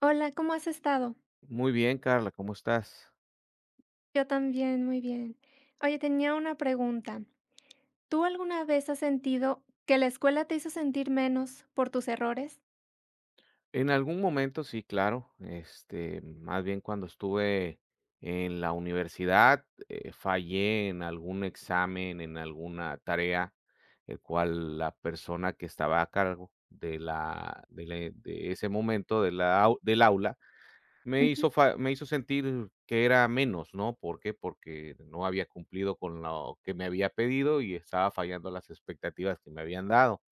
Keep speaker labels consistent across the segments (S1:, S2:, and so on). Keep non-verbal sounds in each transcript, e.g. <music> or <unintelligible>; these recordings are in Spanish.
S1: Hola, ¿cómo has estado?
S2: Muy bien, Karla, ¿cómo estás?
S1: Yo también, muy bien. Oye, tenía una pregunta, ¿tú alguna vez has sentido que la escuela te hizo sentir menos por tus errores?
S2: En algún momento, sí, claro. Este, más bien cuando estuve en la universidad, eh, fallé, en algún examen, en alguna tarea, el cual la persona que estaba a cargo de la de le de ese momento de la au del aula, me
S1: Ujú.
S2: hizo fa me hizo sentir que era menos, ¿no? ¿Por qué? Porque no había cumplido con lo que me había pedido y estaba fallando las expectativas que me habían dado.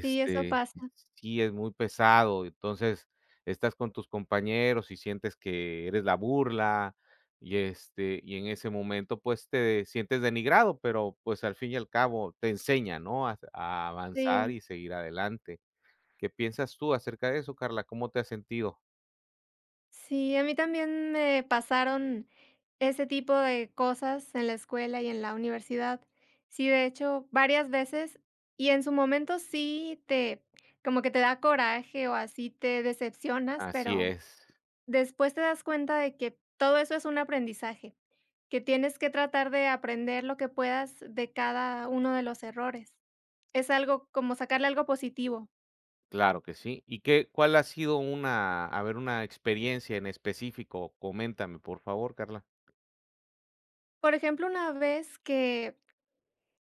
S1: Sí, eso pasa.
S2: sí es muy pesado. Entonces, estás con tus compañeros y sientes que eres la burla y, este, y en ese momento, pues, te sientes denigrado, pero, pues, al fin y al cabo te enseña, ¿no?, a s a avanzar
S1: Sí.
S2: y seguir adelante, ¿qué piensas tú acerca de eso, Karla? ¿Cómo te has sentido?
S1: Sí, a mí también me pasaron ese tipo de cosas en la escuela y en la universidad. Sí, de hecho, varias veces, y en su momento sí te como que te da coraje o así, te decepcionas,
S2: Así
S1: pero
S2: es.
S1: después te das cuenta de que todo eso es un aprendizaje, que tienes que tratar de aprender lo que puedas de cada uno de los errores. Es algo como sacarle algo positivo.
S2: Claro que sí. ¿Y qué cuál ha sido una, a ver, una experiencia en específico? Coméntame, por favor, Carla.
S1: Por ejemplo, una vez que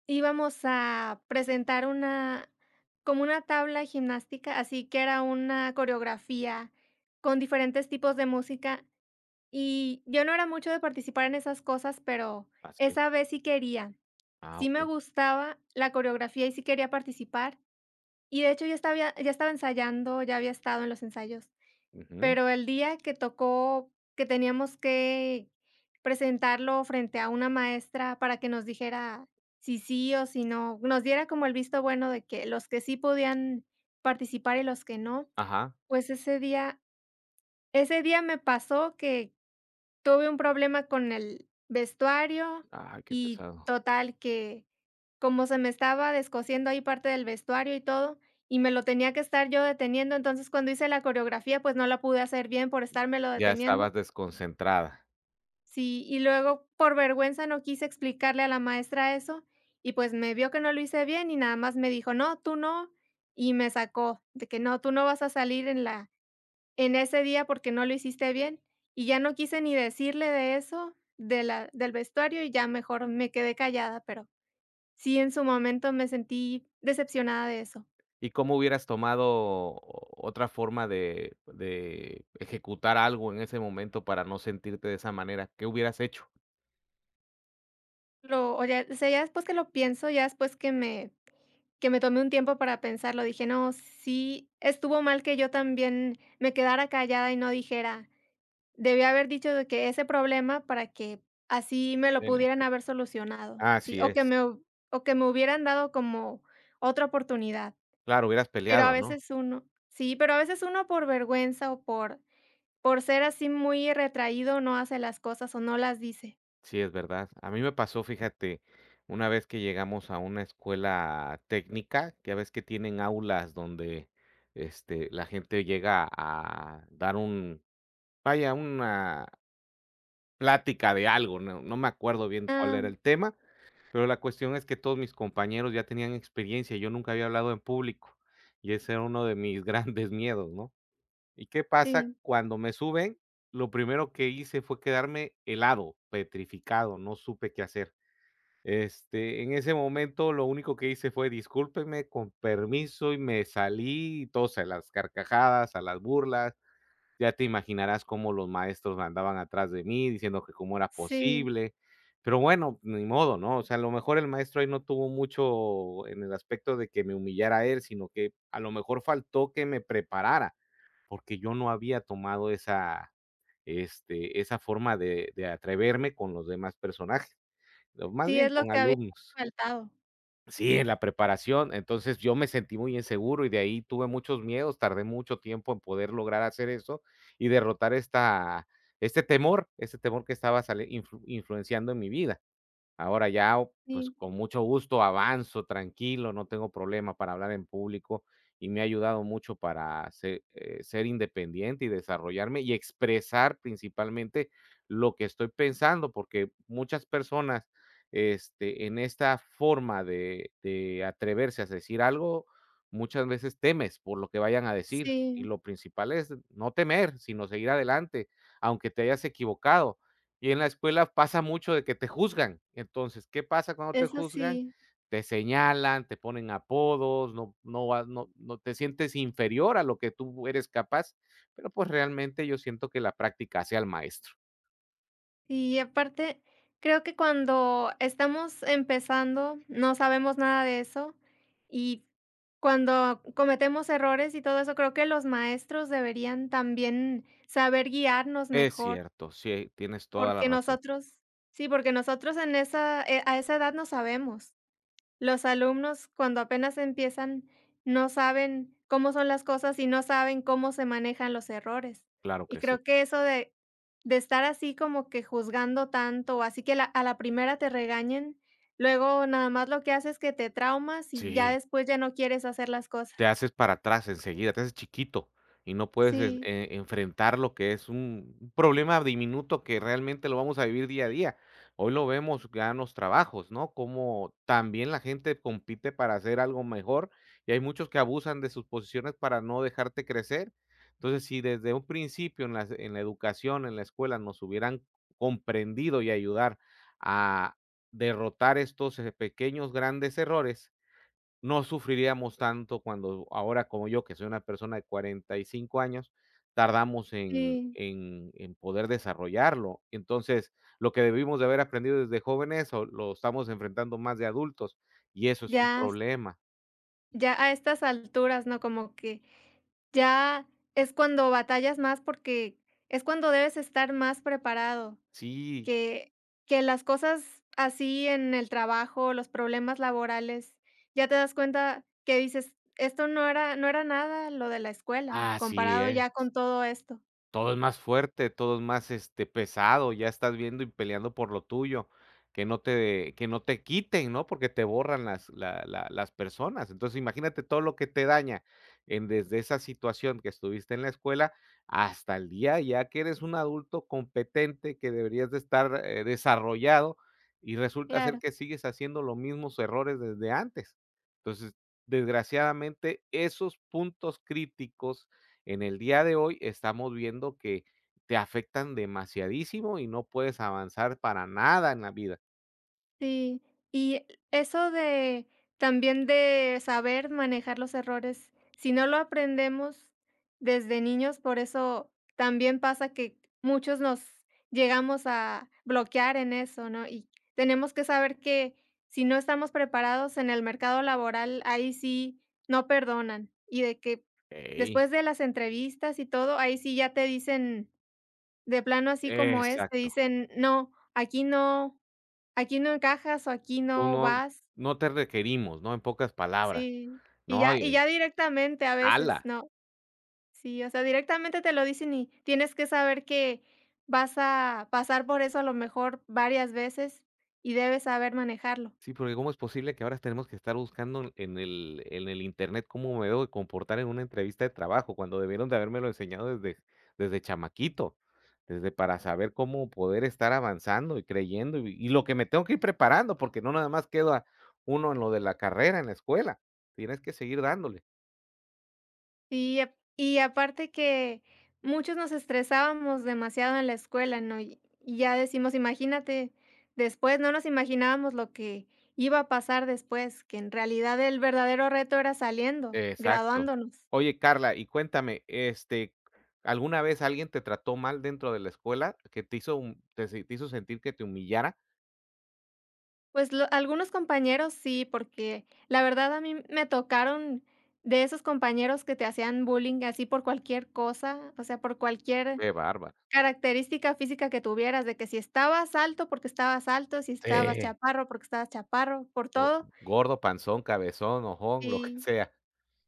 S1: íbamos a presentar una como una tabla gimnástica, así que era una coreografía con diferentes tipos de música, y yo no era mucho de participar en esas cosas, pero
S2: Así es.
S1: esa vez sí quería,
S2: Ah,
S1: sí me
S2: okey.
S1: gustaba la coreografía y sí quería participar, y de hecho ya hasta había ya estaba ensayando, ya había estado en los ensayos,
S2: Ujú.
S1: pero el día que tocó que teníamos que presentarlo frente a una maestra para que nos dijera si sí o si no, nos diera como el visto bueno de que los que sí podían participar y los que no.
S2: Ajá.
S1: Pues ese día ese día me pasó que tuve un problema con el vestuario
S2: Ay qué
S1: y
S2: pesado.
S1: total que como se me estaba descosiendo ahí parte del vestuario y todo, y me lo tenía que estar yo deteniendo, entonces cuando hice la coreografía, pues no la pude hacer bien por estarmelo
S2: Ya
S1: deteniendo.
S2: estabas desconcentrada.
S1: Sí, y luego, por vergüenza, no quise explicarle a la maestra eso. Y pues me vio que no lo hice bien y nada más me dijo: "No, tú no", y me sacó de que: "No, tú no vas a salir en la en ese día, porque no lo hiciste bien". Y ya no quise ni decirle de eso de la del vestuario, y ya mejor me quedé callada, pero sí, en su momento me sentí decepcionada de eso.
S2: Y, ¿cómo hubieras tomado otra forma de de ejecutar algo en ese momento, para no sentirte de esa manera? ¿Qué hubieras hecho?
S1: Pero, oye, o sea, ya después que lo pienso, ya después que me que me tomé un tiempo para pensarlo, dije: "No, sí estuvo mal que yo también me quedara callada y no dijera". Debí haber dicho de que ese problema para que así me lo
S2: Dime,
S1: pudieran haber solucionado, sí,
S2: Así
S1: o que
S2: es.
S1: me hub o que me hubieran dado como otra oportunidad.
S2: Claro, hubieras
S1: Pero a
S2: peleado ¿no?
S1: veces uno Sí, pero a veces uno, por vergüenza o por por ser así muy retraído, no hace las cosas o no las dice.
S2: Sí, es verdad. A mí me pasó fíjate, una vez que llegamos a una escuela técnica ya ves que tienen aulas donde este la gente llega a dar un vaya una plática de algo, no, no me acuerdo bien cuál
S1: Ah.
S2: era el tema, pero la cuestión es que todos mis compañeros ya tenían experiencia. Yo nunca había hablado en público y ese era uno de mis grandes miedos, ¿no? Y qué pasa,
S1: Sí.
S2: cuando me suben, lo primero que hice fue quedarme helado, petrificado. No supe qué hacer. Este, en ese momento lo único que hice fue: "Discúlpenme, con permiso", y me salí, y todos a las carcajadas, a las burlas. Ya te imaginarás cómo los maestros me andaban atrás de mí diciendo que cómo era
S1: Sí.
S2: posible, pero bueno, ni modo, ¿no? O sea, a lo mejor el maestro ahí no tuvo mucho en el aspecto de que me humillara él, sino que a lo mejor faltó que me preparara, porque yo no había tomado esa este, esa forma de de atreverme con los demás personajes, ¿no? Más
S1: Sí,
S2: bien
S1: es lo
S2: con
S1: que había
S2: alumnos.
S1: faltado.
S2: Sí, en la preparación. Entonces, yo me sentí muy inseguro y de ahí tuve muchos miedos, Tardé mucho tiempo en poder lograr hacer eso y derrotar esta este temor, ese temor que estaba sali influ influenciando en mi vida. Ahora, ya o pues,
S1: Sí.
S2: con mucho gusto avanzo tranquilo, no tengo problema para hablar en público. Y me ha ayudado mucho para se, eh, ser independiente y desarrollarme y expresar principalmente lo que estoy pensando. Porque muchas personas, este, en esta forma de de atreverse a decir algo, muchas veces temes por lo que vayan a decir. Y
S1: Sí.
S2: lo principal es no temer, sino seguir adelante, aunque te hayas equivocado. Y en la escuela pasa mucho de que te juzgan. Entonces, ¿qué pasa cuando te
S1: Es
S2: juzgan?
S1: así.
S2: Te señalan, te ponen apodos, no no vas, no no, te sientes inferior a lo que tú eres capaz. Pero, pues, realmente yo siento que la práctica hace al maestro.
S1: Y aparte, creo que cuando estamos empezando no sabemos nada de eso. Y cuando cometemos errores y todo eso, creo que los maestros deberían también saber guiarnos
S2: Es
S1: mejor.
S2: cierto, sí, tienes toda la
S1: Porque
S2: razón.
S1: nosotros. Sí, porque nosotros en esa, eh, a esa edad no sabemos. Los alumnos, cuando apenas empiezan, no saben cómo son las cosas y no saben cómo se manejan los errores.
S2: Claro
S1: Y
S2: que sí.
S1: creo que eso de de estar así como que juzgando tanto, así que la a la primera te regañen, luego nada más lo que hace es que te traumas y ya
S2: Sí.
S1: después ya no quieres hacer las
S2: Sí. Te
S1: cosas.
S2: haces para atrás enseguida, te haces chiquito y no puedes en
S1: Sí.
S2: e enfretar, lo que es u un problema diminuto que realmente lo vamos a vivir día a día. Hoy lo vemos ya en los trabajos. ¿no? Cómo también la gente compite para hacer algo mejor y hay muchos que abusan de sus posiciones para no dejarte crecer. Entonces, sí desde un principio en la se en la educación, en la escuela, nos hubieran comprendido y ayudar a derrotar estos, eh, pequeños grandes errores, no sufriríamos tanto cuando ahora como yo, que soy una persona de 45 años, tardamos en
S1: Sí.
S2: en en poder desarrollarlo. Entonces, lo que debimos de haber aprendido desde jóvenes o lo estamos enfrentando más de adultos y eso es un
S1: Ya.
S2: problema.
S1: Ya a estas alturas, ¿no? Como que, ya es cuando batallas más porque es cuando debes estar más preparado,
S2: Sí.
S1: que que las cosas así en el trabajo, los problemas laborales, ya te das cuenta que dices: "Esto no era no era nada lo de la escuela,
S2: Así
S1: comparado
S2: es.
S1: ya con todo esto".
S2: Todo es más fuerte, todo es más, este, pesado, ya estás viendo y peleando por lo tuyo. Que no te, que no te quiten. ¿no? Porque te borran las, la la, las personas. Entonces imagínate todo lo que te daña en, desde esa situación que estuviste en la escuela hasta el día, ya que eres un adulto competente, que deberías de estar, eh, desarrollado y resulta ser
S1: Claro.
S2: que sigues haciendo los mismos errores desde antes. Entonces, desgraciadamente esos puntos críticos, en el día de hoy estamos viendo que, te afectan demasiadísimo y no puedes avanzar para nada en la vida.
S1: Sí. Y e eso de, también de saber manejar los errores, si no lo aprendemos desde niños, por eso también pasa que muchos nos llegamos a bloquear en eso, ¿no?, y tenemos que saber que si no estamos preparados en el mercado laboral, ahí sí no perdonan, y de que
S2: Ey.
S1: después de las entrevistas y todo, ahí sí ya te dicen de plano así como es, te
S2: Exacto.
S1: dicen: "No, aquí no, aquí no encajas o aquí
S2: Tú
S1: no
S2: no
S1: vas".
S2: no te requerimos, ¿no?, en pocas palabras,
S1: Sí, y
S2: ¿no?,
S1: ya
S2: y
S1: y ya
S2: es
S1: directamente a veces,
S2: Hala.
S1: ¿no? Sí, o sea, directamente te lo dicen y tienes que saber que vas a pasar por eso a lo mejor varias veces, y debes saber manejarlo.
S2: Sí, porque, ¿cómo es posible que ahora tenemos que estar buscando en el en el internet cómo me debo de comportar en una entrevista de trabajo, cuando debieron de habérmelo enseñado desde desde chamaquito. Desde, para saber cómo poder estar avanzando y creyendo, y vi y lo que me tengo que ir preparando porque no nada más queda uno en lo de la carrera, en la escuela. Tienes que seguir dándole.
S1: Y y aparte que muchos nos estresábamos demasiado en la escuela, ¿no?, y y ya decimos imagínate, después, no nos imaginábamos lo que iba a pasar después, que en realidad el verdadero reto era saliendo,
S2: Exacto.
S1: graduándonos.
S2: Oye Karla, y cuéntame, este, ¿alguna vez alguien te trató mal dentro de la escuela? ¿Que te hizo un tes te hizo sentir que te humillara?
S1: Pues, lo algunos compañeros sí, porque, la verdad a mí me tocaron de esos compañeros que te hacían bullying así por cualquier cosa, o sea, por cualquier
S2: Qué bárbara.
S1: característica física que tuvieras, de que si estabas alto, porque estabas alto, si estabas
S2: Sí.
S1: chaparro, porque estabas chaparro, por
S2: Go
S1: todo.
S2: gordo, panzón, cabezón, ojón, lo que
S1: Sí,
S2: sea.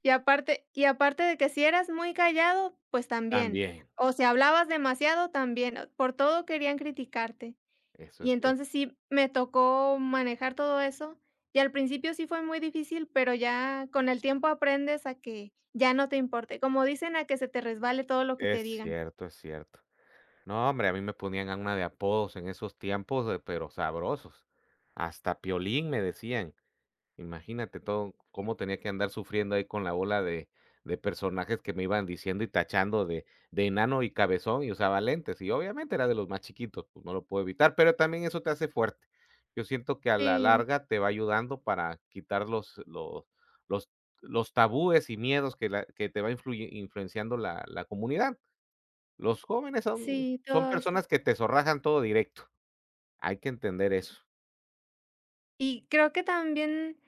S1: y aparte y aparte de que si eras muy callado, pues también,
S2: También.
S1: o si hablabas demasiado, también, por todo querían criticarte,
S2: Eso
S1: y
S2: es
S1: entonces
S2: cierto.
S1: sí me tocó manejar todo eso, y al principio sí fue muy difícil, pero ya con el tiempo aprendes a que ya no te importe, como dicen a que se te resbale todo lo que te
S2: Es
S1: digan.
S2: cierto, es cierto, no hombre, a mí me ponían a una, de apodos en esos tiempos, de pero sabrosos. Hasta Piolín me decían. Imagínate todo cómo tenía que andar sufriendo ahí con la bola de de personajes que me iban diciendo y tachando de de enano y cabezón y usaba lentes y obviamente era de los más chiquitos, pues, no lo puedo evitar, pero también eso te hace fuerte, yo siento que a la
S1: Sí.
S2: larga te va ayudando para quitar los los los los tabúes y miedos que la que te va influye influenciando la la comunidad. Los jóvenes son
S1: Sí,
S2: son
S1: todo eso.
S2: personas que te zorrajan todo directo, hay que entender eso.
S1: Y creo que también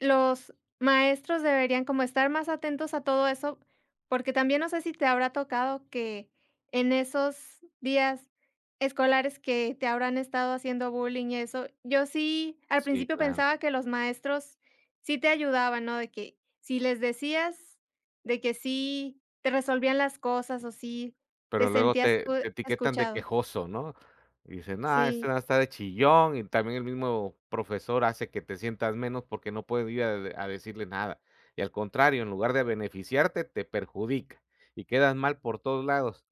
S1: los maestros deberían como estar más atentos a todo eso, porque también, no sé, si te habrá tocado que en esos días escolares que te habrán estado haciendo bullying y eso, yo sí al
S2: Sí,
S1: principio
S2: claro.
S1: pensaba que los maestros sí te ayudaban, ¿no?, de que, si les decías de que sí te resolvían las cosas, o sí te
S2: Pero luego
S1: sentías
S2: te
S1: tú
S2: te etiquetan de
S1: escuchado.
S2: quejoso, ¿no?, y dicen nada este
S1: Sí.
S2: va estár de chillón y también el mismo profesor hace que te sientas menos, porque no puedes ir a a decirle nada y al contrario en lugar de beneficiarte, te perjudica y quedas mal por todos lados.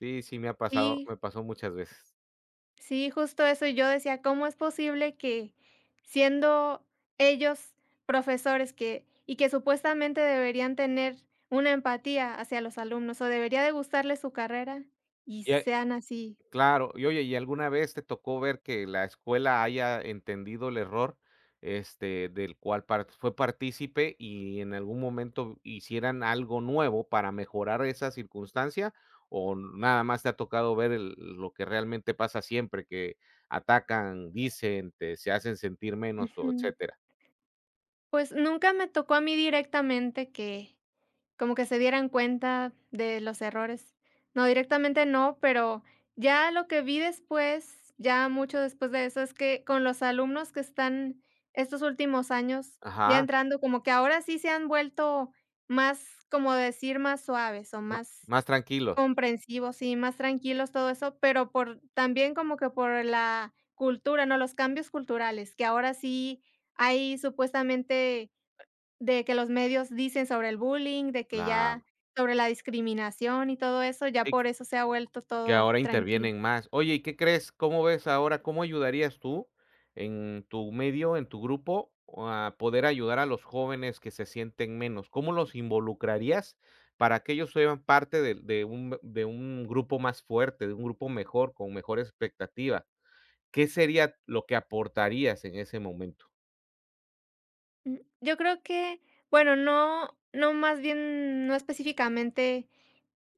S2: Sí, sí me ha pasado,
S1: Sí.
S2: me pasó muchas veces.
S1: Sí, justo eso, yo decía: "¿Cómo es posible que siendo ellos profesores que y que supuestamente deberían tener una empatía hacia los alumnos, o debería de gustarle su carrera y
S2: Y a
S1: sean así?".
S2: claro. Y oye, ¿y alguna vez te tocó ver que la escuela haya entendido el error, este, del cual part fue partícipe y en algún momento hicieran algo nuevo para mejorar esa circunstancia? ¿O nada más te ha tocado ver el lo que realmente pasa siempre que atacan, dicen, te se hacen sentir menos o
S1: Ujú.
S2: etcétera?
S1: Pues, nunca me tocó a mí directamente que como que se dieran cuenta de los errores. No, directamente no, pero ya lo que vi después, ya mucho después de eso, es que con los alumnos que están estos últimos años ya
S2: Ajá.
S1: entrando como que ahora sí se han vuelto más como decir, más suaves o
S2: No,
S1: más
S2: más tranquilos.
S1: comprensivos y más tranquilos, todo eso, pero por también como que por la cultura, ¿no?, los cambios culturales, que ahora sí hay supuestamente de que los medios dicen sobre el bullying, de que
S2: Claro.
S1: ya sobre la discriminación y todo eso, ya
S2: <unintelligible>
S1: por eso se ha vuelto
S2: Que
S1: todo
S2: ahora
S1: tranquilo.
S2: intervienen más. Oye, ¿y qué crees? ¿Cómo ves ahora? ¿Cómo ayudarías tú en tu medio, en tu grupo, a poder ayudar a los jóvenes que se sienten menos? ¿Cómo los involucrarías para que ellos sean parte del de un de un grupo más fuerte, de un grupo mejor, con mejor expectativa? ¿Qué sería lo que aportarías en ese momento?
S1: Mm, yo creo que bueno, no no más bien no específicamente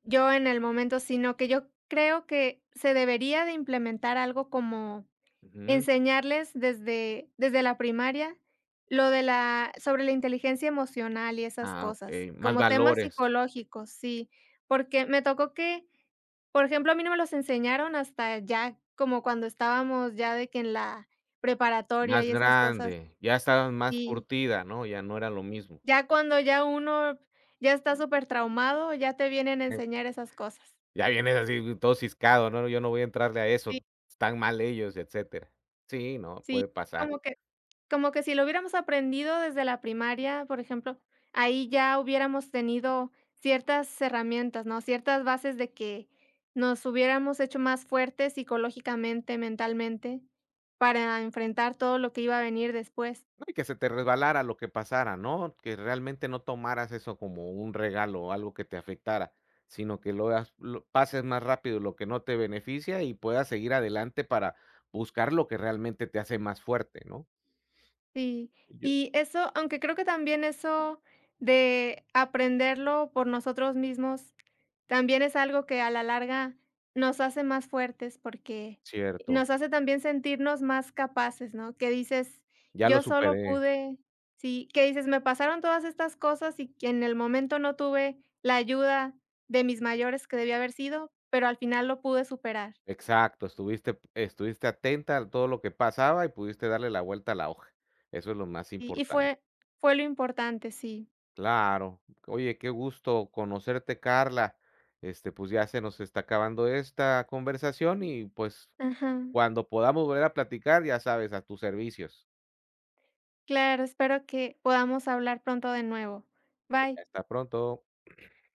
S1: yo en el momento, sino que yo creo que se debería de implementar algo como
S2: Ujú.
S1: enseñarles desde desde la primaria lo de la sobre la inteligencia emocional y esas
S2: Ah,
S1: cosas,
S2: okey. Más
S1: como temas
S2: valores.
S1: psicológicos, sí, porque me tocó que, por ejemplo, a mí no me los enseñaron hasta ya como cuando estábamos ya de que en la preparatoria
S2: Más
S1: y esas cosas,
S2: grande, ya estabas más
S1: y
S2: curtida, ¿no? Ya no era lo mismo.
S1: ya cuando ya uno ya está supertraumado, ya te vienen a
S2: E
S1: enseñar esas cosas.
S2: Ya vienes así, mm, todo siscado, ¿no? Yo no voy a entrarle a
S1: Sí.
S2: eso. Están mal ellos y etcétera. Sí, no,
S1: Sí,
S2: puede
S1: fue
S2: pasar.
S1: como que como que si lo hubiéramos aprendido desde la primaria, por ejemplo, ahí ya hubiéramos tenido ciertas herramientas, ¿no?, ciertas bases, de que nos hubiéramos hecho más fuertes psicológicamente, mentalmente, para enfrentar todo lo que iba a venir después.
S2: No, y que se te resbalara lo que pasara, ¿no? Que realmente no tomaras eso como un regalo o algo que te afectara, sino que lo hagas lo pases más rápido lo que no te beneficia y puedas seguir adelante para buscar lo que realmente te hace más fuerte, ¿no?
S1: Sí.
S2: Yo
S1: Y eso aunque creo que también eso de aprenderlo por nosotros mismos, también es algo que a la larga nos hace más fuertes, porque
S2: Cierto.
S1: nos hace también sentirnos más capaces, ¿no? Que dices:
S2: Ya lo
S1: "Yo solo
S2: superé.
S1: pude". Sí, que dices: "Me pasaron todas estas cosas y que en el momento no tuve la ayuda de mis mayores que debía haber sido, pero al final lo pude superar".
S2: Exacto, estuviste p estuviste atenta al todo lo que pasaba y pudiste darle la vuelta a la hoja. Eso es lo más
S1: Y y
S2: importante.
S1: fue fue lo importante, sí.
S2: Claro. Oye, qué gusto conocerte, Carla. Este, pues, ya se nos está acabando esta conversación y, pues,
S1: Ajá.
S2: cuando podamos volver a platicar, ya sabes, a tus servicios.
S1: Claro, espero que podamos hablar pronto de nuevo.
S2: Eh,
S1: Bye.
S2: hasta pronto. <clears throat>